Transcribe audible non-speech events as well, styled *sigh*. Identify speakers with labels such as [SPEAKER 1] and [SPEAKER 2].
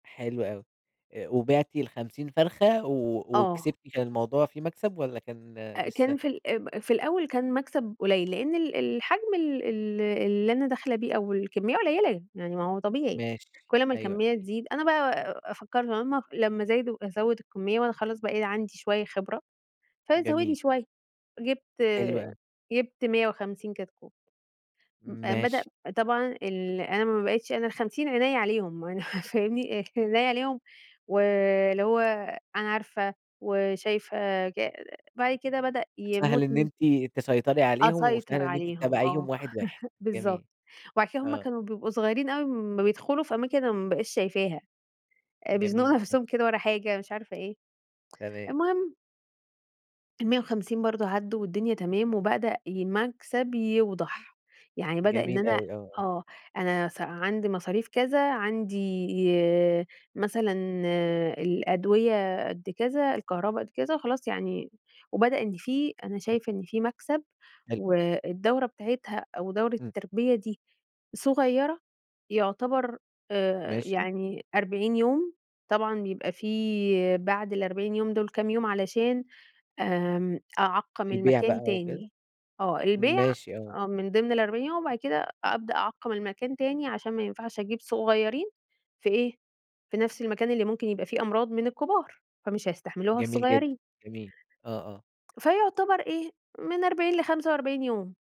[SPEAKER 1] حلو أوي، أ وبِعتِ ال50 فرخة و
[SPEAKER 2] آه.
[SPEAKER 1] وكسبتِ، كان الموضوع فيه مكسب والّا كان
[SPEAKER 2] آآ،
[SPEAKER 1] لسه؟
[SPEAKER 2] كان في ال اب في الأول كان مكسب قليّل لأن ال الحجم ال ال اللي أنا داخلة بيه أو الكمية قليّلة، يعني ما هو طبيعي،
[SPEAKER 1] ماشي،
[SPEAKER 2] كُلّ ما
[SPEAKER 1] أيوه
[SPEAKER 2] الكمية
[SPEAKER 1] أكيد.
[SPEAKER 2] تزيد، أنا بقى فكرت لمّا لمّا زادوا أزوّد الكمية وأنا خلاص بقى عندي شوية خبرة، فزوّدي
[SPEAKER 1] جميل.
[SPEAKER 2] شوية، جِبت
[SPEAKER 1] حلو أوي.
[SPEAKER 2] جِبت 150 كتكوت. م بدأ
[SPEAKER 1] ماشي.
[SPEAKER 2] طبعًا ال أنا ما بقيتش أنا ال50 عينيَّ عليهم *unintelligible* *chuckles* فاهمني، عينيَّ عليهم، واللي هو أنا عارفة وشايفة ج بعد كده بدأ
[SPEAKER 1] سهل
[SPEAKER 2] يموت
[SPEAKER 1] إن
[SPEAKER 2] من
[SPEAKER 1] أنتِ تسيطري عليهم، وسهل
[SPEAKER 2] أسيطر
[SPEAKER 1] إن أنتِ
[SPEAKER 2] عليهم
[SPEAKER 1] تتابعيهم
[SPEAKER 2] آه،
[SPEAKER 1] واحد واحد.
[SPEAKER 2] *chuckles* بالضبط،
[SPEAKER 1] جميل،
[SPEAKER 2] وعشان هُم
[SPEAKER 1] آه.
[SPEAKER 2] كانوا بيبقوا صغيّرين أوي لمّا بيدخلوا في أماكن أنا ما بابقاش شايفاها، آآ، بيزنقوا
[SPEAKER 1] جميل، ماشي.
[SPEAKER 2] نَفسهم كده ورا حاجة مش عارفة إيه،
[SPEAKER 1] تمام.
[SPEAKER 2] المهم ال150 برضو عدّوا والدنيا تمام، وبدأ ي مكسب يوضح، يعني بدأ إن
[SPEAKER 1] جميل
[SPEAKER 2] أنا
[SPEAKER 1] أوي، آه آه.
[SPEAKER 2] آه، أنا س عندي مصاريف كذا، عندي مثلًا الأدوية قدّ كذا، الكهربا قدّ كذا، خلاص يعني وبدأ إن في أنا
[SPEAKER 1] تما
[SPEAKER 2] شايفة إن في مكسب،
[SPEAKER 1] حلو.
[SPEAKER 2] والدورة بتاعتها أو دورة
[SPEAKER 1] امم.
[SPEAKER 2] التربية دي صغيّرة، يعتبر، آآ
[SPEAKER 1] ماشي.
[SPEAKER 2] يعني 40 يوم، طبعًا بيبقى في بعد ال40 يوم دول كام يوم علشان آمم، أعقّم
[SPEAKER 1] البيع
[SPEAKER 2] المكان
[SPEAKER 1] بقى
[SPEAKER 2] تاني،
[SPEAKER 1] وكده؟
[SPEAKER 2] آه البيع
[SPEAKER 1] ماشي آه.
[SPEAKER 2] آه من ضمن ال40 يوم، وبعد كده أبدأ أعقّم المكان تاني عشان ما ينفعش أجيب صغيّرين في إيه؟ في نَفس المكان اللي ممكن يبقى فيه أمراض من الكبار، فمش هيستحملوها
[SPEAKER 1] جميل جدًا،
[SPEAKER 2] الصغيّرين.
[SPEAKER 1] جميل، آه آه.
[SPEAKER 2] فيعتبر إيه من 40 ل45 يوم.